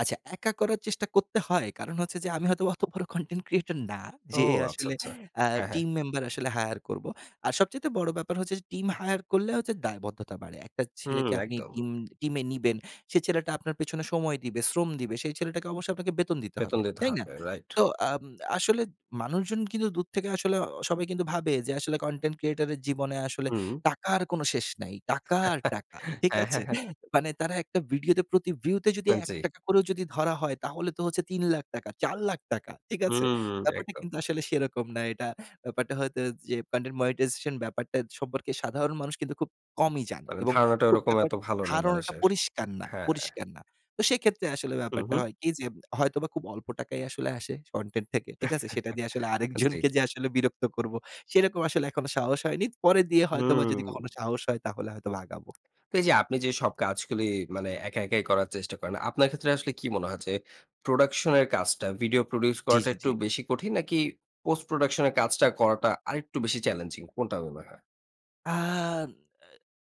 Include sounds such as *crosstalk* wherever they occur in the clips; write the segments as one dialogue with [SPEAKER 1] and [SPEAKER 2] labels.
[SPEAKER 1] আচ্ছা, একা করার চেষ্টা করতে হয়। কারণ হচ্ছে যে আমি হয়তো অত বড় কনটেন্ট ক্রিয়েটর না
[SPEAKER 2] ও
[SPEAKER 1] যে
[SPEAKER 2] আচ্ছা,
[SPEAKER 1] আসলে
[SPEAKER 2] আচ্ছা।
[SPEAKER 1] অ্যা
[SPEAKER 2] হ্যাঁ, হ্যাঁ।
[SPEAKER 1] টিম মেম্বার আসলে হায়ার করব। আর সবচাইতে বড় ব্যাপার হচ্ছে যে টিম হায়ার করলে হচ্ছে দায়বদ্ধতা বাড়ে। একটা
[SPEAKER 2] হু,
[SPEAKER 1] ছেলেকে আপনি
[SPEAKER 2] একদম।
[SPEAKER 1] টিম টিমে নিবেন। সেই ছেলেটা আপনার পেছনে সময় দিবে, শ্রম দিবে। সেই ছেলেটাকে অবশ্যই আপনাকে বেতন দিতে
[SPEAKER 2] বেতন
[SPEAKER 1] হবে।
[SPEAKER 2] দিতে
[SPEAKER 1] তাই না?
[SPEAKER 2] হবে। রাইট।
[SPEAKER 1] তো আম আসলে মানুষজন কিন্তু দূর থেকে আসলে সবাই কিন্তু ভাবে যে আসলে কনটেন্ট ক্রিয়েটর এর জীবনে আসলে
[SPEAKER 2] হুম।
[SPEAKER 1] টাকার কোনো শেষ নেই, টাকা আর
[SPEAKER 2] *chuckles*
[SPEAKER 1] টাকা। ঠিক
[SPEAKER 2] হ্যাঁ, হ্যাঁ,
[SPEAKER 1] আছে?
[SPEAKER 2] হ্যাঁ।
[SPEAKER 1] মানে তারা ভিডিওতে প্রতি ভিউতে যদি
[SPEAKER 2] হ্যাঁ।
[SPEAKER 1] এক
[SPEAKER 2] জি।
[SPEAKER 1] টাকা করে যদি ধরা হয় তাহলে তো হচ্ছে ৳৩,০০,০০০, ৳৪,০০,০০০। ঠিক
[SPEAKER 2] হু,
[SPEAKER 1] আছে?
[SPEAKER 2] হু, হুম,
[SPEAKER 1] ব্যাপারটা
[SPEAKER 2] একদম।
[SPEAKER 1] কিন্তু আসলে সেরকম না এটা। ব্যাপারটা হয়তো যে কনটেন্ট মনিটাইজেশন ব্যাপারটা সম্পর্কে সাধারণ মানুষ কিন্তু খুব কমই জানে
[SPEAKER 2] মানে
[SPEAKER 1] এবং
[SPEAKER 2] ধারণাটা
[SPEAKER 1] খুব
[SPEAKER 2] ওরকম
[SPEAKER 1] ব্যাপার
[SPEAKER 2] এত ভালো নেই
[SPEAKER 1] ধারণাটা
[SPEAKER 2] মানুষের।
[SPEAKER 1] পরিষ্কার না,
[SPEAKER 2] হ্যাঁ।
[SPEAKER 1] পরিষ্কার না। তো সেক্ষেত্রে আসলে
[SPEAKER 2] হু,
[SPEAKER 1] ব্যাপারটা
[SPEAKER 2] হু।
[SPEAKER 1] হয় কি যে হয়তোবা খুব অল্প টাকায় আসলে আসে কনটেন্ট থেকে। ঠিক আছে? সেটা দিয়ে
[SPEAKER 2] *chuckles* জি।
[SPEAKER 1] আরেকজনকে যে আসলে বিরক্ত করব। সেরকম আসলে এখনো সাহস হয়নি। পরে দিয়ে হয়তোবা যদি
[SPEAKER 2] হু।
[SPEAKER 1] কখনো সাহস হয় তাহলে হয়তোবা আগাবো।
[SPEAKER 2] তো এইযে আপনি যে সব কাজগুলি মানে একা একাই করার চেষ্টা করেন, আপনার ক্ষেত্রে আসলে কি মনে হয় যে প্রোডাকশন এর কাজটা ভিডিও প্রোডিউস
[SPEAKER 1] জি,
[SPEAKER 2] করাটা
[SPEAKER 1] জি, জি।
[SPEAKER 2] একটু বেশি কঠিন নাকি পোস্ট প্রোডাকশন এর কাজটা করাটা আরেকটু বেশি চ্যালেঞ্জিং কোনটা মনে হয়?
[SPEAKER 1] আন আ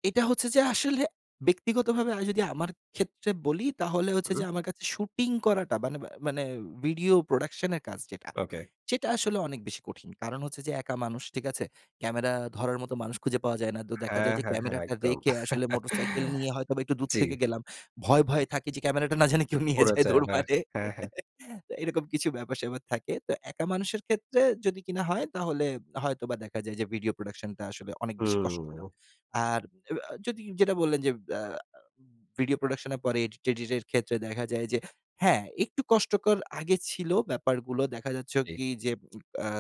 [SPEAKER 1] এটা হচ্ছে যে আসলে। ব্যক্তিগতভাবে আমি যদি আমার ক্ষেত্রে বলি তাহলে হচ্ছে
[SPEAKER 2] হুম।
[SPEAKER 1] যে আমার কাছে শুটিং করাটা মানে মানে ভিডিও প্রোডাকশন এর কাজ যেটা।
[SPEAKER 2] ওকে।
[SPEAKER 1] সেটা আসলে অনেক বেশি কঠিন। কারণ হচ্ছে যে একা মানুষ ঠিক আছে? ক্যামেরা ধরার মতো মানুষ খুঁজে পাওয়া যায় না। তো দেখা
[SPEAKER 2] হ্যাঁ,
[SPEAKER 1] যায় যে
[SPEAKER 2] হ্যাঁ, হ্যাঁ
[SPEAKER 1] ক্যামেরাটা
[SPEAKER 2] একদম।
[SPEAKER 1] রেখে আসলে মোটরসাইকেল নিয়ে
[SPEAKER 2] *chuckles*
[SPEAKER 1] হয়তোবা একটু দূর
[SPEAKER 2] জ্বী।
[SPEAKER 1] থেকে গেলাম। ভয়ে, ভয়ে থাকি যে ক্যামেরাটা না জানি কেউ নিয়ে
[SPEAKER 2] পড়ে
[SPEAKER 1] যায়,
[SPEAKER 2] যায়।
[SPEAKER 1] দৌড়
[SPEAKER 2] মে
[SPEAKER 1] মারে।
[SPEAKER 2] হ্যাঁ, হ্যাঁ।
[SPEAKER 1] *chuckles* তো এরকম কিছু ব্যাপার-স্যাপার থাকে। তো একা মানুষের ক্ষেত্রে যদি কিনা হয় তাহলে হয়তোবা দেখা যায় যে ভিডিও প্রোডাকশনটা আসলে অনেক বেশি কষ্টকর।
[SPEAKER 2] হুম।
[SPEAKER 1] আর এবা যদি যেটা বললেন যে অ্যা ভিডিও প্রোডাকশন এর পরে এডিট-টেডিট এর ক্ষেত্রে দেখা যায় যে হ্যাঁ, একটু কষ্টকর আগে ছিল ব্যাপারগুলো দেখা যাচ্ছে
[SPEAKER 2] জ্বী।
[SPEAKER 1] কি যে *smacks lips* অ্যা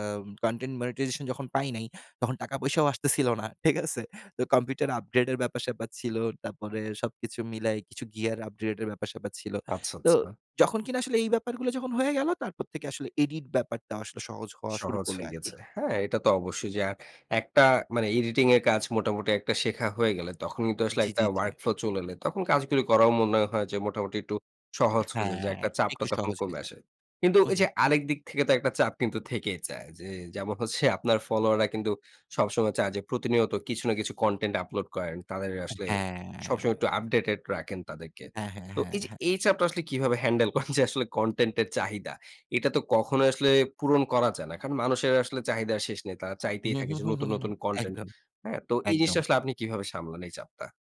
[SPEAKER 1] কনটেন্ট মনিটাইজেশন যখন পাই নাই, তখন টাকা পয়সাও আসতেছিল না। ঠিক আছে? তো কম্পিউটার আপগ্রেডের ব্যাপার-স্যাপার ছিল। তারপরে সবকিছু মিলাই কিছু গিয়ার আপগ্রেড এর ব্যাপার-স্যাপার ছিল।
[SPEAKER 2] আচ্ছা,
[SPEAKER 1] তো
[SPEAKER 2] আচ্ছা।
[SPEAKER 1] যখন কিনা আসলে এই ব্যাপারগুলো যখন হয়ে গেল, তারপর থেকে আসলে এডিট ব্যাপারটাও আসলে সহজ হওয়া শুরু
[SPEAKER 2] সহজ
[SPEAKER 1] করল
[SPEAKER 2] হয়ে
[SPEAKER 1] আরকি।
[SPEAKER 2] গেছে। হ্যাঁ, এটা তো অবশ্যই যে আর একটা মানে এডিটিং এর কাজ মোটামুটি একটা শেখা হয়ে গেলে তখন কিন্তু আসলে
[SPEAKER 1] জি, জি,
[SPEAKER 2] একটা
[SPEAKER 1] জি।
[SPEAKER 2] ওয়ার্ক ফ্লো চলে এলে। তখন কাজগুলি করাও মনে হয় যে মোটামুটি একটু সহজ হয়ে যায়। যে
[SPEAKER 1] হ্যাঁ।
[SPEAKER 2] একটা চাপটা
[SPEAKER 1] একটু
[SPEAKER 2] তখন
[SPEAKER 1] সহজ হয়ে
[SPEAKER 2] কমে
[SPEAKER 1] যায়।
[SPEAKER 2] আসে। কিন্তু
[SPEAKER 1] হু,
[SPEAKER 2] এইযে
[SPEAKER 1] হুম।
[SPEAKER 2] আরেক দিক থেকে তো একটা চাপ কিন্তু থেকেই চায়। যে যেমন হচ্ছে আপনার ফলোয়াররা কিন্তু সবসময় চায় যে প্রতিনিয়ত কিছু না কিছু কনটেন্ট আপলোড করেন। তাদের আসলে সবসময়
[SPEAKER 1] হ্যাঁ।
[SPEAKER 2] একটু আপডেটেড রাখেন তাদেরকে।
[SPEAKER 1] হ্যাঁ, হ্যাঁ,
[SPEAKER 2] তো
[SPEAKER 1] হ্যাঁ,
[SPEAKER 2] এইযে
[SPEAKER 1] হ্যাঁ।
[SPEAKER 2] এই চাপটা আসলে কিভাবে হ্যান্ডেল করেন যে আসলে কনটেন্ট এর চাহিদা? এটা তো কখনোই আসলে পূরণ করা যায় না। কারণ মানুষের আসলে চাহিদা শেষ নেই। তারা চাইতেই
[SPEAKER 1] হু,
[SPEAKER 2] থাকে
[SPEAKER 1] হু,
[SPEAKER 2] যে
[SPEAKER 1] হু, হু,
[SPEAKER 2] নতুন,
[SPEAKER 1] হু।
[SPEAKER 2] নতুন কনটেন্ট।
[SPEAKER 1] একদম।
[SPEAKER 2] হ্যাঁ? তো এই জিনিসটা
[SPEAKER 1] একদম।
[SPEAKER 2] আসলে আপনি কিভাবে সামলান এই চাপটা?